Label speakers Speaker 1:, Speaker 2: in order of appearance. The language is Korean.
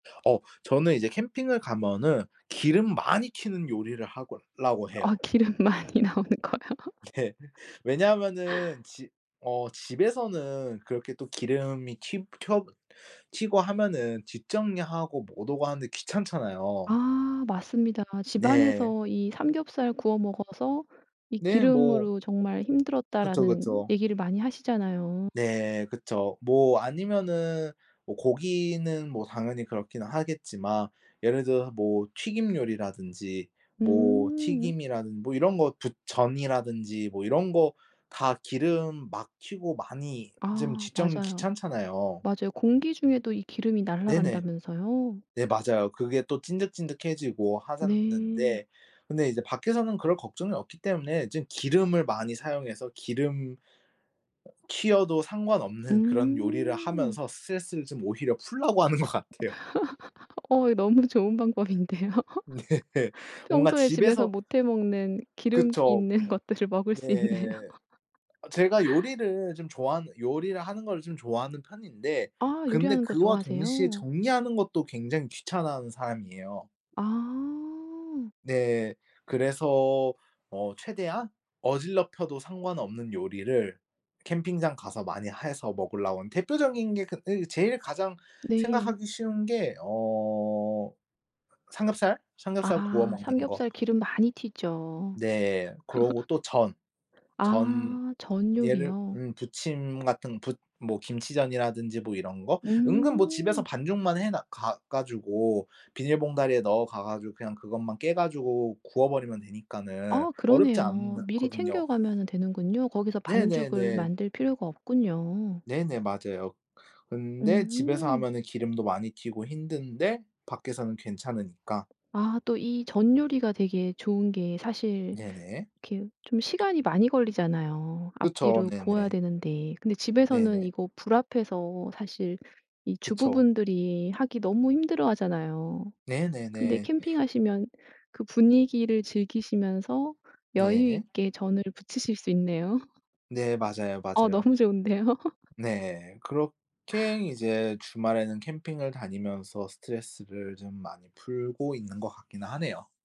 Speaker 1: 어 저는 이제 캠핑을 가면은 기름 많이 튀는 요리를 하고 라고 해요.
Speaker 2: 어 기름 많이 나오는 거요.
Speaker 1: 예. 왜냐하면은 집 어 집에서는 그렇게 또 기름이 튀 켜 튀고 하면은 뒷정리하고 못 오고 하는데 귀찮잖아요.
Speaker 2: 아 맞습니다. 집
Speaker 1: 네.
Speaker 2: 안에서 이 삼겹살 구워 먹어서 이
Speaker 1: 네. 뭐
Speaker 2: 기름으로 정말
Speaker 1: 그쵸,
Speaker 2: 힘들었다라는
Speaker 1: 그쵸.
Speaker 2: 얘기를 많이 하시잖아요.
Speaker 1: 네. 그쵸. 뭐 아니면은 뭐 고기는 뭐 당연히 그렇긴 하겠지만 예를 들어서 뭐 튀김 요리라든지 뭐
Speaker 2: 음.
Speaker 1: 튀김이라든 뭐 이런 거 부 전이라든지 뭐 이런 거 다 기름 막 튀고 많이 좀
Speaker 2: 아
Speaker 1: 집 정리
Speaker 2: 맞아요.
Speaker 1: 귀찮잖아요.
Speaker 2: 맞아요. 공기 중에도 이 기름이
Speaker 1: 네네.
Speaker 2: 날아간다면서요?
Speaker 1: 네 맞아요. 그게 또 찐득찐득해지고 하자
Speaker 2: 네.
Speaker 1: 는데 근데 이제 밖에서는 그럴 걱정이 없기 때문에 좀 기름을 많이 사용해서 기름 튀어도 상관없는 그런 요리를
Speaker 2: 음.
Speaker 1: 하면서 스트레스를 좀 오히려 풀려고 하는 것 같아요.
Speaker 2: 어 이 너무 좋은 방법인데요.
Speaker 1: 네. 뭔가
Speaker 2: 평소에 집에서
Speaker 1: 집에서
Speaker 2: 못 해 먹는 기름기
Speaker 1: 그쵸.
Speaker 2: 있는 것들을 먹을
Speaker 1: 네.
Speaker 2: 수 있네요.
Speaker 1: 아 제가 요리를 좀 좋아하는 요리를 하는 거를 좀 좋아하는 편인데
Speaker 2: 아
Speaker 1: 근데
Speaker 2: 요리하는 거
Speaker 1: 그와 동시에
Speaker 2: 좋아하세요?
Speaker 1: 정리하는 것도 굉장히 귀찮아하는 사람이에요.
Speaker 2: 아
Speaker 1: 네. 그래서 어 최대한 어지럽혀도 상관없는 요리를 캠핑장 가서 많이 해서 먹으려고 하는 대표적인 게 그 이 제일 가장
Speaker 2: 네.
Speaker 1: 생각하기 쉬운 게 어 삼겹살, 삼겹살 구워
Speaker 2: 아
Speaker 1: 먹는 거.
Speaker 2: 삼겹살 기름 많이 튀죠.
Speaker 1: 네. 그러고 또 전, 전
Speaker 2: 아 전
Speaker 1: 얘를
Speaker 2: 요리요?
Speaker 1: 음 부침 같은 부 뭐 김치전이라든지 뭐 이런 거. 은근 뭐 집에서
Speaker 2: 음.
Speaker 1: 반죽만 해 놔 가 가지고 비닐 봉다리에 넣어가 가지고 그냥 그것만 깨 가지고 구워버리면 되니까는
Speaker 2: 아
Speaker 1: 어렵지
Speaker 2: 그러네요. 미리
Speaker 1: 않거든요.
Speaker 2: 챙겨가면은 되는군요. 거기서 반죽을
Speaker 1: 네네네.
Speaker 2: 만들 필요가 없군요.
Speaker 1: 네네 맞아요. 근데 집에서
Speaker 2: 음.
Speaker 1: 하면은 기름도 많이 튀고 힘든데 밖에서는 괜찮으니까.
Speaker 2: 아 또 이 전 요리가 되게 좋은 게 사실
Speaker 1: 네네.
Speaker 2: 이렇게 좀 시간이 많이 걸리잖아요.
Speaker 1: 그쵸.
Speaker 2: 앞뒤로 구워야
Speaker 1: 네네.
Speaker 2: 되는데. 근데 집에서는
Speaker 1: 네네.
Speaker 2: 이거 불 앞에서 사실 이 주부
Speaker 1: 그쵸.
Speaker 2: 분들이 하기 너무 힘들어 하잖아요. 근데
Speaker 1: 네네네.
Speaker 2: 캠핑하시면 그 분위기를 즐기시면서
Speaker 1: 네.
Speaker 2: 여유있게 전을 부치실 수 있네요.
Speaker 1: 네 맞아요,
Speaker 2: 어
Speaker 1: 맞아요.
Speaker 2: 너무 좋은데요.
Speaker 1: 네. 그렇게 이제 주말에는 캠핑을 다니면서 스트레스를 좀 많이 풀고 있는 것 같기는 하네요.